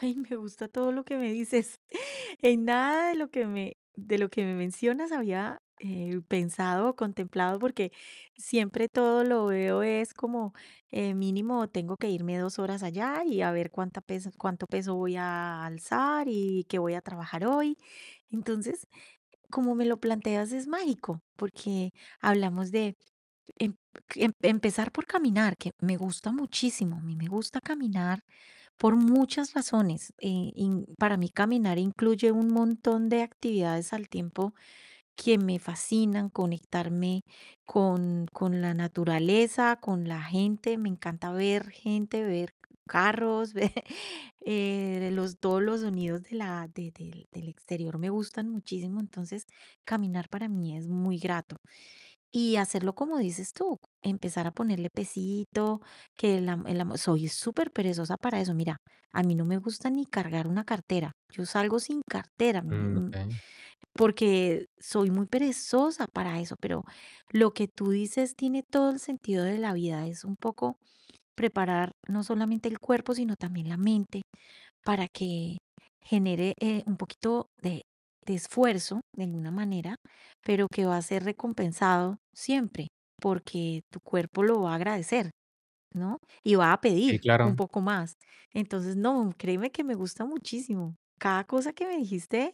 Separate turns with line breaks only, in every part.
Ay, me gusta todo lo que me dices. En nada de lo que me de lo que me mencionas había, eh, pensado o contemplado, porque siempre todo lo veo es como, eh, mínimo, tengo que irme 2 horas allá y a ver cuánta peso cuánto peso voy a alzar y qué voy a trabajar hoy. Entonces, como me lo planteas, es mágico, porque hablamos de em, cl empezar por caminar, que me gusta muchísimo, a mí me gusta caminar por muchas razones. Eh, en para mí caminar incluye un montón de actividades al tiempo que me fascinan, conectarme con con la naturaleza, con la gente. Me encanta ver gente, ver carros, eh, de los todos los sonidos de la de del del exterior me gustan muchísimo, entonces, caminar para mí es muy grato. Y hacerlo como dices tú, empezar a ponerle pesito, que la ma el amo Soy superperezosa para eso. Mira, a mí no me gusta ni cargar una cartera, yo salgo sin cartera, mm, eh,
Mm,
mm,
okey.
porque soy muy perezosa para eso, pero lo que tú dices, tiene todo el sentido de la vida. Es un poco preparar no solamente el cuerpo, sino también la mente para que genere, eh, un poquito de de esfuerzo, de alguna manera, pero que va a ser recompensado siempre, porque tu cuerpo lo va a agradecer, ¿no? Y va a
Sí,
pedir un
claro.
poco más. Entonces, no, créeme que me gusta muchísimo. Cada cosa que me dijiste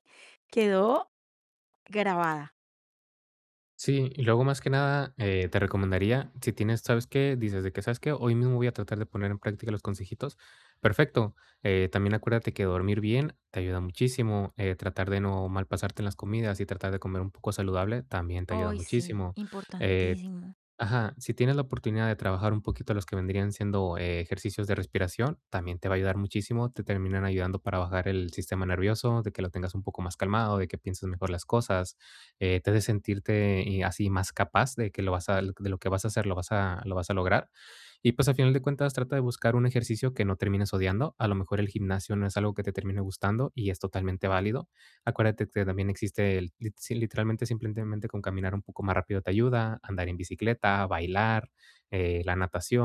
quedó grabada.
Sí. Y luego, más que nada, eh, te recomendaría, si tienes, ¿sabes qué? Dices de que: "¿Sabes qué? Hoy mismo voy a tratar de poner en práctica los consejitos", perfecto. Eh, también acuérdate que dormir bien te ayuda muchísimo, eh, tratar de no malpasarte en las comidas y tratar de comer saludable, también te ayuda
Oy sí,
muchísimo. Eh,
importantísimo.
ajá. Si tienes la oportunidad de trabajar un poquito los que vendrían siendo ejercicios de respiración, también te va ayudar muchísimo, te terminan ayudando para bajar el sistema nervioso, de que lo tengas un poco más calmado, de que pienses mejor las cosas, eh, te hace sentirte y así, más capaz de que lo vas a de lo que vas a hacer, lo vas a lo vas a lograr. Y pues, a final de cuentas, trata de buscar un ejercicio que no termines odiando. A lo mejor, el gimnasio no es algo que te termine gustando, y es totalmente válido. Acuérdate que también existe el l sí literalmente simplemente con caminar un poco más rápido te ayuda, andar en bicicleta, bailar, eh, la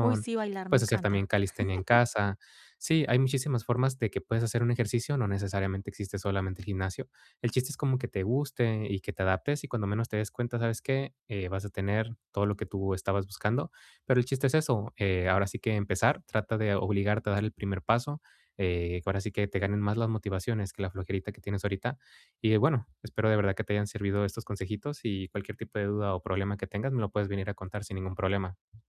Uy sí, bailar me
puedes hacer también
encanta.
calistenia en casa. Sí, hay muchísimas formas de que puedes hacer un ejercicio, no necesariamente existe solamente el gimnasio. El chiste es como que te guste y que te adaptes, y cuando menos te des cuenta, ¿sabes qué? Eh, vas a tener todo lo que tú estabas buscando. Pero el chiste es eso, eh, ahora sí que empezar, trata de obligarte a dar el primer paso, eh, que ahora sí que te ganen más las motivaciones que la flojerita que tienes ahorita. Y bueno, espero de verdad que te hayan servido estos consejitos, y cualquier tipo de duda o problema que tengas, me lo puedes venir a contar, sin ningún problema.